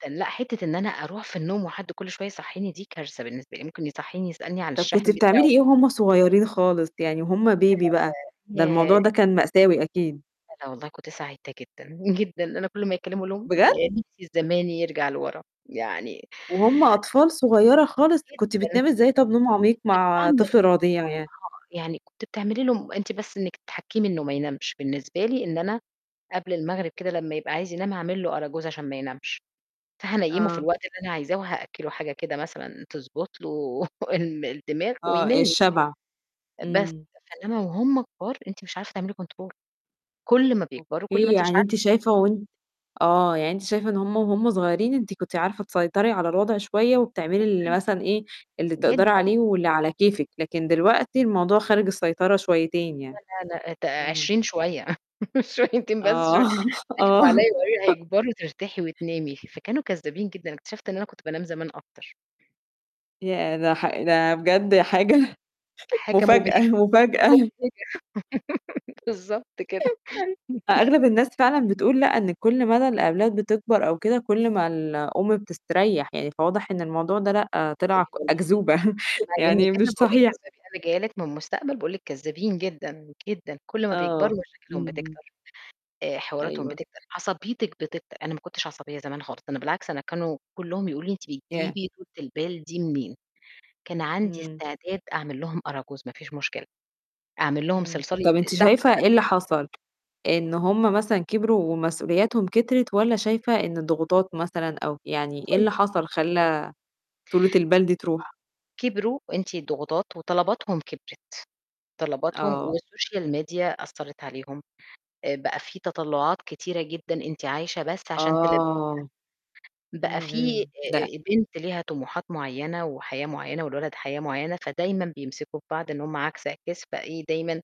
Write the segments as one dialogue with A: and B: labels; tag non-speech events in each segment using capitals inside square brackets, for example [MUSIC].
A: تن لأ، حتّة إن أنا أروح في النوم وحد كل شوية يصحيني دي كارثة بالنسبة لي، ممكن يصحّيني يسألني عن
B: طَب كنتِ
A: الشاحن بتاعه.
B: بتعملي إيه وهم صغيّرين خالص يعني وهم baby بقى؟
A: [UNINTELLIGIBLE]
B: ده الموضوع
A: ياه.
B: ده كان مأساوي أكيد.
A: لأ، لأ، والله كنت سعيدة جدًا، جدًا أنا كل ما يكلّموا أقول لهم:
B: بجد؟!
A: "يا نِفْسي الزمان يرجَع لورا." يعني
B: وهم أطفال صغيّرة خالص!
A: جدًا.
B: كنت بتنامي إزاي طَب نوم عميق
A: كنت [UNINTELLIGIBLE]
B: مع
A: ما هو
B: طفل رضيع يعني؟
A: يعني كنتِ بتعملي لهم أنتِ بس إنِّك تحكّمي إنه ما ينامش بالنسبة لي، إن أنا قبل المغرب كده لمّا يبقى عايز ينام هاعمل له أراجوز عشان ما ينامش، فهانيّمه في
B: آه.
A: الوقت اللي أنا عايزاه وهأكّلُه حاجة كده مثلًا تضبط له [CHUCKLES] ال الدماغ
B: آه،
A: وينام.
B: الشَبع.
A: بس
B: إمم.
A: فاللي هو هم كُبار أنتِ مش عارفة تعملي control كل ما بيكبروا، كل ما
B: أوكي،
A: أنتِ مش
B: يعني أنتِ
A: عارفة.
B: شايفة وأنتِ آه، يعني أنتِ شايفة إن هم وهم صغيّرين أنت كنتِ عارفة تسيطري على الوضع شوية وبتعملي ال
A: جدًا،
B: مثلًا إيه، اللي بتقدري
A: جدًا.
B: عليه واللي على كيفِك لكن دلوقتي الموضوع خارج السيطرة شويتين يعني.
A: لأ، لأ، لأ، أت
B: إمم.
A: 20 شوية [CHUCKLES] شويتين بس شوي
B: آه،
A: ضحكوا عليّا
B: آه.
A: وقالوا لي
B: [CHUCKLES]
A: هيكبرّوا ترتاحي وتنامي ف فكانوا كذابين جدًا، اكتشفت إن أنا كنت بانام زمان أكتر.
B: ياه! ده ح ده بجد حاجة [CHUCKLES]
A: حاجة
B: مفاجأة،
A: مُبهِجة.
B: مفاجأة.
A: مُبهِجة [LAUGHS] بالضبط كده.
B: [CHUCKLES]
A: [CHUCKLES]
B: أغلب الناس فعلًا بتقول لأ، إن كل مدى الأولاد بتكبر أو كده كل ما الأم بتستريّح يعني فواضح إن الموضوع ده لأ، طلع ك
A: [UNINTELLIGIBLE]
B: أكذوبة [CHUCKLES]
A: اسمعي منّي
B: يعني
A: كذب
B: مش
A: باقول لِك
B: صحيح.
A: كذابين أنا جاية لِك من المستقبل باقول لِك كذابين جدًا، جدًا كل ما
B: آه،
A: بيكبروا مشاكلهم
B: اهم.
A: بتكتر، آآ، حواراتهم
B: أيوه.
A: بتكتر، عصبيتِك بتكتر، أنا ما كنتش عصبية زمان خالص ده أنا بالعكس أنا كانوا كلّهم يقولوا لي أنتِ
B: ياه!
A: بتجيبي طولة البال دي منين؟ كان عندي
B: إمم.
A: استعداد أعمل لهم أراجوز ما فيش مشكلة، أعمل لهم
B: إمم،
A: صِلصال يت
B: طَب أنتِ
A: الساعة
B: شايفة إيه
A: 03:00
B: اللي
A: الفجر.
B: حصل؟ إن هم مثلًا كبروا ومسؤولياتهم كترت والّا
A: جدًأ.
B: شايفة إن الضغوطات مثلًا أو يعني إيه اللي
A: [UNINTELLIGIBLE]
B: حصل خلّى طولة البال دي تروح؟
A: كبروا، وأنتِ الضغوطات وطلباتهم كبرت، طلباتهم
B: آه.
A: والسوشيال ميديا أثّرت عليهم آآ، بقى في تَطلُّعات كتيرة جدًا أنتِ عايشة بس عشان تلبّيها،
B: آه.
A: بقى
B: إمم،
A: في
B: إمم. لأ.
A: آآ آآ، بنت ليها طموحات معيّنة وحياة معيّنة والولد حياة معيّنة، فدايمًا بيمسكم ببعض إن هم عَكس عِكاس فإيه دايمًا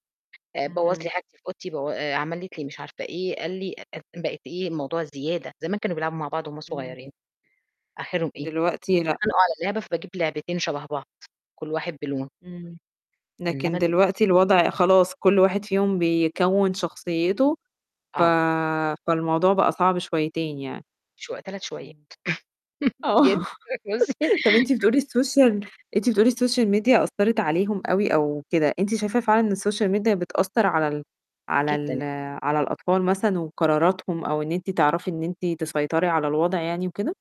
A: آآ، بوّظ لي
B: اهم.
A: حاجتي في أوضتي بو آآ، عملت لي مش عارفة إيه، قال لي أف أف بقت إيه، الموضوع زيادة، زمان كانوا بيلعبوا مع بعض وهم
B: إمم.
A: صغيّرين، آخِرهم إيه،
B: دلوقتي لأ.
A: يتخانقوا على لعبة فباجيب لعبتين شَبه بعض كل واحد بلون.
B: إمم.
A: إنّما
B: لكن
A: دلوقتي
B: دلوقتي الوضع خلاص كل واحد فيهم بيكوّن شخصيته ف
A: آه.
B: فالموضوع بقى صعب شويتين يعني،
A: شو 3 شويّات.
B: إمم.
A: [CHUCKLES]
B: آه.
A: جدًا بُصوا
B: طَب أنتِ بتقولي السوشيال أنتِ بتقولي السوشيال ميديا أثّرت عليهم أوي أو كده، أنتِ شايفة فعلًا إن السوشيال ميديا بتأثّر على ال على
A: جدًا.
B: ال على الأطفال مثلًا وقراراتهم أو إن أنتِ تعرفي إن أنتِ تسيطري على الوضع يعني وكده؟